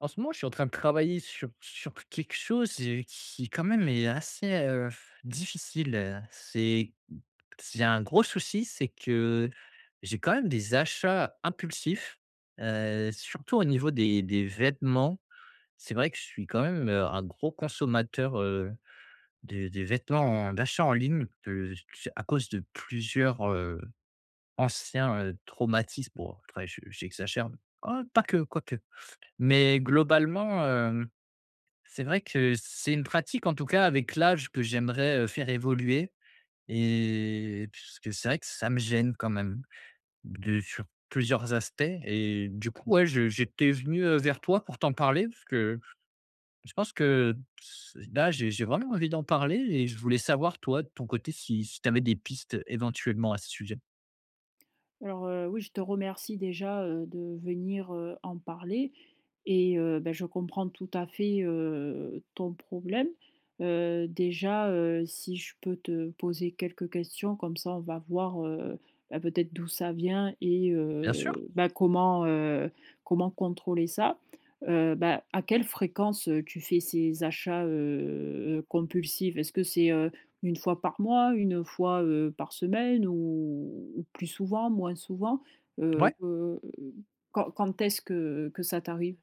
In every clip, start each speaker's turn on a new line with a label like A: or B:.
A: En ce moment je suis en train de travailler sur sur quelque chose, heu, qui, quand même, est assez, heu, difficile. C'est c j'ai un gros souci, c'est que j'ai quand même des achats impulsifs, heu, surtout au niveau des des vêtements. C'est vrai que je suis quand même, heu, un gros consommateur, heu, des des vêtements en d'achat en ligne de s tu sais? À cause de plusieurs, heu, anciens, heu, traumatismes. Bon après je j'exagère oh pas que, quoique, mais globalement, hem, c'est vrai que c'est une pratique en tout cas avec l'âge que j'aimerais, heu, faire évoluer et puisque c'est vrai que ça me gêne quand même, de sur plusieurs aspects. Et du coup, ouais, je j'étais venu, heu, vers toi pour t'en parler, parce que je pense que s là j'ai j'ai vraiment envie d'en parler et je voulais savoir toi, de ton côté, si si tu avais des pistes éventuellement à ce sujet.
B: Alors, heu oui, je te remercie déjà, heu, de venir, heu, en parler, et heu beh, je comprends tout à fait, heu, ton problème. Heu, déjà, heu, si je peux te poser quelques questions, comme ça on va voir, heu beh, peut-être d'où ça vient et
A: Bien
B: comment,
A: sûr.
B: heu bah, comment, heu, comment contrôler ça. Heu bah, à quelle fréquence, heu, tu fais ces achats heu heu, compulsifs? Est-ce que c'est, heu, 1 fois par mois, 1 fois, heu, par semaine ou ou plus souvent? Moins souvent? Heu
A: Ouais.
B: heu, quand quand est-ce que que ça t'arrive?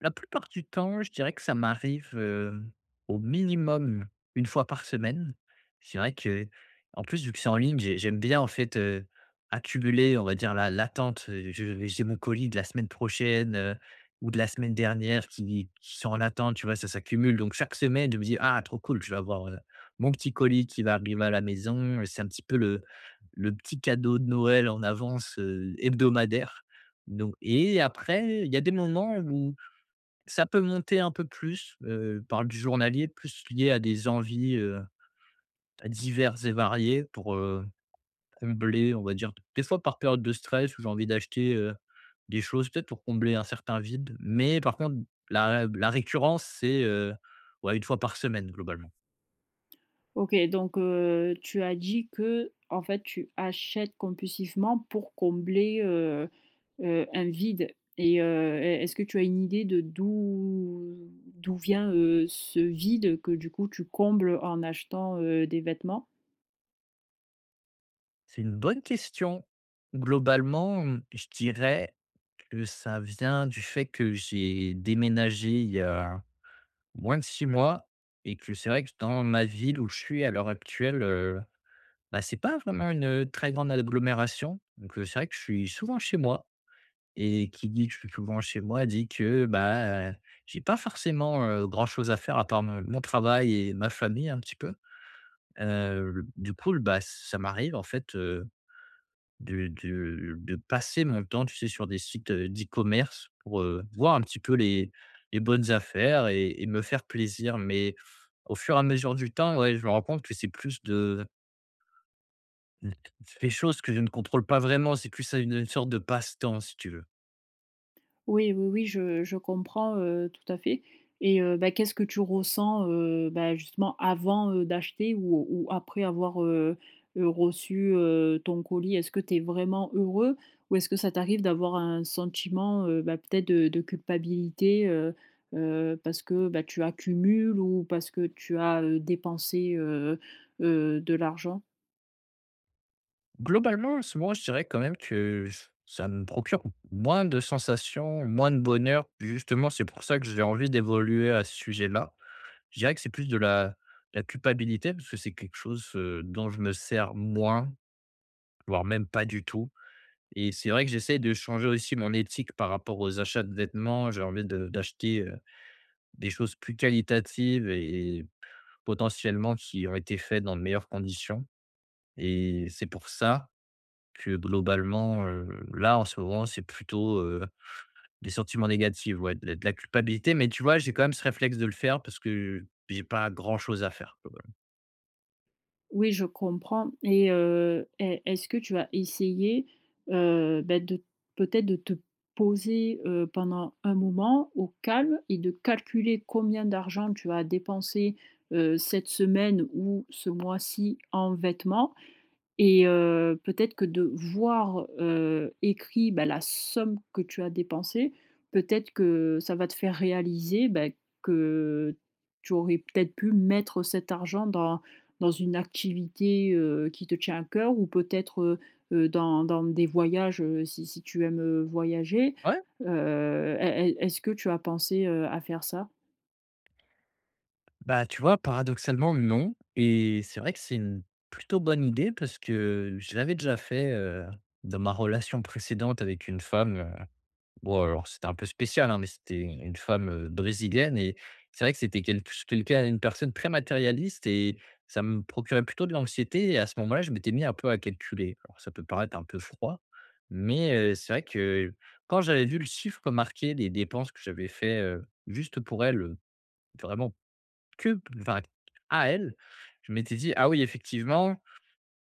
A: La plupart du temps, je dirais que ça m'arrive, heu, au minimum, 1 fois par semaine. C'est vrai qu'en plus, vu que c'est en ligne, j'ai j'aime bien, en fait, heu, accumuler, on va dire l'a l'attente, heu, je vais j'ai mon colis de la semaine prochaine, heu, ou de la semaine dernière qui qui sont en attente, tu vois? Ça s'accumule. Donc chaque semaine, je me dis: «Ah trop cool, je vais avoir, heu, mon petit colis qui va arriver à la maison» et c'est un petit peu le le petit cadeau de Noël en avance, heu, hebdomadaire. Donc et après il y a des moments où ça peut monter un peu plus, heu, par du journalier, plus lié à des envies, heu, diverses et variées pour, heu, combler on va dire. D des fois par période de stress où j'ai envie d'acheter, heu, des choses, peut-être pour combler un certain vide, mais par contre la rab la récurrence c'est, heu, ouais, 1 fois par semaine, globalement.
B: OK, donc heu, tu as dit, qu'en fait, tu achètes compulsivement pour combler, heu heu, un vide. Et heu, est est-ce que tu as une idée de d'où d'où vient, heu, ce vide que du coup, tu combles en achetant, heu, des vêtements?
A: C'est une bonne question. Globalement, mmh, je dirais que ça vient du fait que j'ai déménagé il y a moins de 6 mois et que c'est vrai que dans ma ville où je suis, à l'heure actuelle, heu, bah c'est pas vraiment une, heu, très grande agglomération. Donc, heu, c'est vrai que je suis souvent chez moi et qui dit que je suis souvent chez moi, dit, que bah, j'ai pas forcément, heu, grand-chose à faire à part m mon travail et ma famille un petit peu. Heu l du coup l bah, ça m'arrive en fait, heu, de de de passer mon temps tu sais sur des sites, heu, d'e-commerce pour, heu, voir un petit peu les les bonnes affaires et et me faire plaisir. Mais au fur et à mesure du temps, ouais, je me rends compte que c'est plus de mmh, des choses que je ne contrôle pas vraiment, c'est plus ça, une, heu, une sorte de passe-temps, si tu veux.
B: Oui, oui, oui, je je comprends, heu, tout à fait. Et heu bah, qu'est-ce que tu ressens, heu bah, justement avant, heu, d'acheter ou ou après avoir, heu heu, reçu, heu, ton colis? Est-ce que tu es vraiment heureux, ou est-ce que ça t'arrive d'avoir un sentiment, heu bah, peut-être de de culpabilité, heu heu, parce que, bah, tu accumules ou parce que tu as, heu, dépensé, heu heu, de l'argent?
A: Globalement, en ce moment, je dirais quand même que ç ça me procure moins de sensations, moins de bonheur. Justement c'est pour ça que j'ai envie d'évoluer à ce sujet-là. Je dirais que c'est plus de la de la culpabilité parce que c'est quelque chose, heu, dont je me sers moins, voire même, pas du tout et c'est vrai que j'essaie de changer aussi mon éthique par rapport aux achats de vêtements. J'ai envie de d'acheter, heu, des choses plus qualitatives et et potentiellement qui ont été faites dans de meilleures conditions et c'est pour ça, que, globalement, heu, là, en ce moment, c'est plutôt, heu, des sentiments négatives, ouais, de la de la culpabilité. Mais tu vois, j'ai quand même ce réflexe de le faire parce que j'ai pas grand chose à faire quoi, voilà.
B: Oui, je comprends et heu, est est-ce que tu as essayé, heu, bah, de, peut-être, de te poser, heu, pendant un moment, au calme et de calculer combien d'argent tu as dépensé, heu, cette semaine ou ce mois-ci, en vêtements? Et heu, peut-être que de voir, heu, écrit, bah, la somme que tu as dépensée, peut-être que ça va te faire réaliser, bah, que tu aurais peut-être pu mettre cet argent dans dans une activité, heu, qui te tient à cœur ou peut-être, heu heu, dans dans des voyages, heu, si si tu aimes, heu, voyager.
A: Ouais.
B: Heu, est est est est-ce que tu as pensé, heu, à faire ça?
A: Bah, tu vois, paradoxalement, non et c'est vrai que c'est une plutôt bonne idée parce que je l'avais déjà fait, heu, dans ma relation précédente avec une femme, heu. Bon alors, c'était un peu spécial, hein, mais c'était u une femme, heu, brésilienne et c'est vrai que c'était quelque ch quelqu'un, une personne très matérialiste et ça me procurait plutôt de l'anxiété et à ce moment-là, je m'étais mis un peu à calculer. Alors ça peut paraître un peu froid, mais, heu, c'est vrai que quand j'avais vu le chiffre marqué des dépenses que j'avais faits, heu, juste pour elle, heu, vraiment que enfin à elle, je m'étais dit: «Ah oui, effectivement,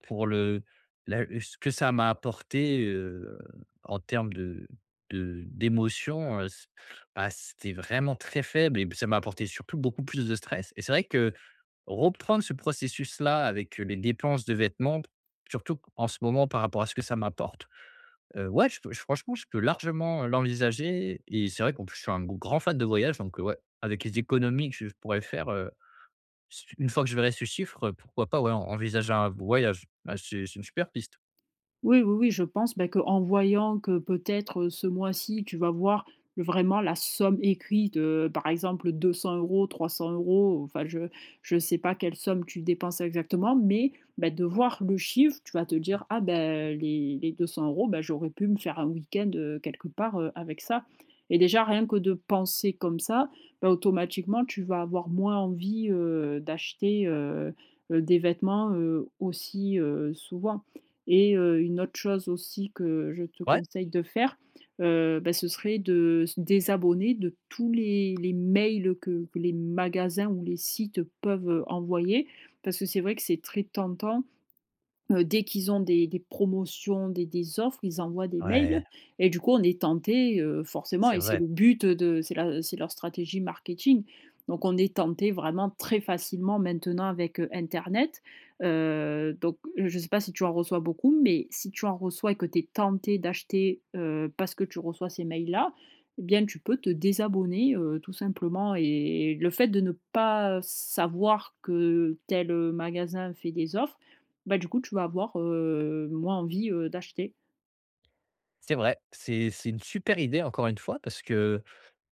A: pour le la ce que ça m'a apporté, heu, en termes de de d'émotions, heu, c bah, c'était vraiment très faible et p ça m'a apporté surtout beaucoup plus de stress» et c'est vrai que reprendre ce processus-là avec, heu, les dépenses de vêtements surtout q en ce moment par rapport à ce que ça m'apporte, heu, ouais, je peux j franchement, je peux largement, heu, l'envisager et c'est vrai qu'en plus, je suis un g grand fan de voyage, donc, heu, ouais, avec les économies que je pourrais faire, heu, s une fois que je verrai ce chiffre, heu, pourquoi pas, ouais, en envisager un voyage? Bah, c'est c'est une super piste.
B: Oui, oui, oui, je pense, bah, qu'en voyant que, peut-être, heu, ce mois-ci, tu vas voir vraiment la somme écrite, heu, par exemple 200 €, 300 € enfin, je je sais pas quelle somme tu dépenses exactement mais, ben, de voir le chiffre, tu vas te dire: «Ah, bah, les les 200 €, bah, j'aurais pu me faire un week-end, heu, quelque part, heu, avec ça» et déjà rien que de penser comme ça, bah, automatiquement, tu vas avoir moins envie, heu, d'acheter, heu heu, des vêtements, heu, aussi, heu, souvent et heu, une autre chose aussi que je te
A: Ouais.
B: conseille de faire, heu, bah, ce serait de se désabonner de tous les les mails que que les magasins ou les sites peuvent, heu, envoyer parce que c'est vrai que c'est très tentant. Heu, dès qu'ils ont des des promotions, des des offres, ils envoient des mails
A: Ouais!
B: et du coup, on est tentés, heu, forcément
A: C'est
B: et c'est
A: vrai!
B: le but, heu, de c'est la, heu, c'est leur stratégie marketing. Donc on est tentés, vraiment très facilement, maintenant avec, heu, internet, heu, donc je sais pas si tu en reçois beaucoup mais si tu en reçois et que tu es tenté d'acheter, heu, parce que tu reçois ces mails-là, et bien tu peux te désabonner, heu, tout simplement et et le fait de ne pas savoir que tel, heu, magasin fait des offres, bah, du coup, tu vas avoir, heu, moins envie, heu, d'acheter.
A: C'est vrai. C'est c'est une super idée, encore une fois, parce que,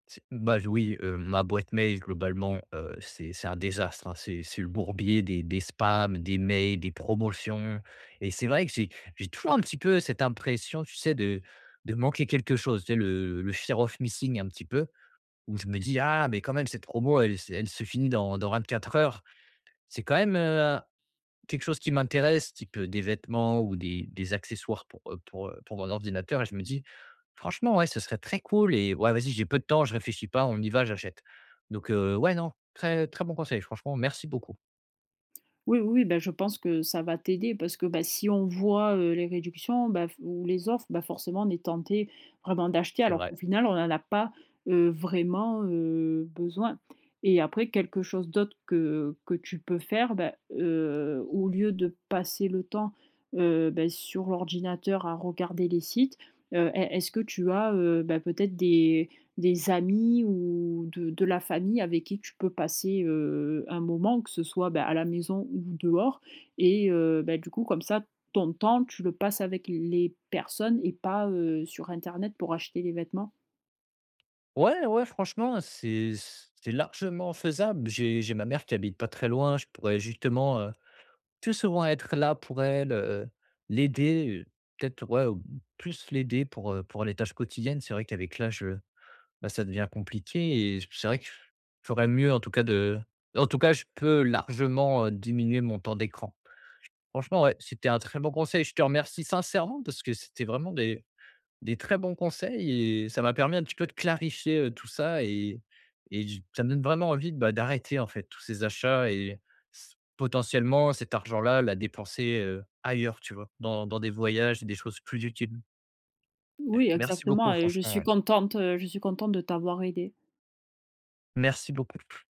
A: ts bah, oui, heu, ma boîte mail, globalement, heu, c'est c'est un désastre, hein. C'est c'est le bourbier des des spams, des mails, des promotions et c'est vrai que j'ai j'ai toujours un petit peu cette impression, tu sais, de de manquer quelque chose. Tu sais, le fear of missing un petit peu où je me dis: «Ah, mais quand même, cette promo, elle se elle se finit dans dans 24 heures». C'est quand même, heu, hein, quelque chose qui m'intéresse, qui peut des vêtements ou des des accessoires pour, heu, pour, heu, pour mon ordinateur et je me dis: «Franchement, ouais, ce serait très cool et ouais, vas-y, j'ai peu de temps, je réfléchis pas, on y va, j'achète». Donc heu, ouais, non, très très bon conseil, franchement, merci beaucoup.
B: Oui, oui, bah, je pense que ça va t'aider parce que, bah, si on voit, heu, les réductions, bah, f ou les offres, bah, forcément, on est tentés vraiment d'acheter.
A: C'est
B: Alors
A: vrai.
B: qu'au final, on n'en a pas, heu, vraiment, heu, besoin et après quelque chose d'autre que que tu peux faire, bah, heu, au lieu de passer le temps, heu, bah, sur l'ordinateur, à regarder les sites, heu, est est-ce que tu as, heu, bah, peut-être des des amis ou de de la famille avec qui tu peux passer, heu, un moment que ce soit, bah, à la maison ou dehors? Et heu, bah, du coup, comme ça, ton temps, tu le passes avec les personnes et pas, heu, sur internet pour acheter des vêtements.
A: Ouais, ouais franchement, c'est c c'est largement faisable. J'ai j'ai ma mère qui habite pas très loin. Je pourrais justement, heu, plus souvent être là pour elle, heu, l'aider, heu, peut-être, ouais, heu, plus l'aider pour, heu, pour les tâches quotidiennes. C'est vrai, qu'avec l'âge, heu bah, ça devient compliqué et c'est vrai que je ferais mieux, en tout cas, de en tout cas, je peux largement, heu, diminuer mon temps d'écran. Franchement, ouais, c'était un très bon conseil. Je te remercie sincèrement parce que c'était vraiment des des très bons conseils et ça m'a permis un petit peu de clarifier, heu, tout ça et et du ça me donne vraiment envie de, bah, d'arrêter, en fait, tous ces achats et s potentiellement cet argent-là, la dépenser, heu, ailleurs, tu vois? Dans dans des voyages et des choses plus utiles. Eh
B: Oui,
A: merci beaucoup,
B: exactement et je
A: franchement,
B: suis
A: ouais.
B: contente je suis contente de t'avoir aidé.
A: Merci beaucoup. P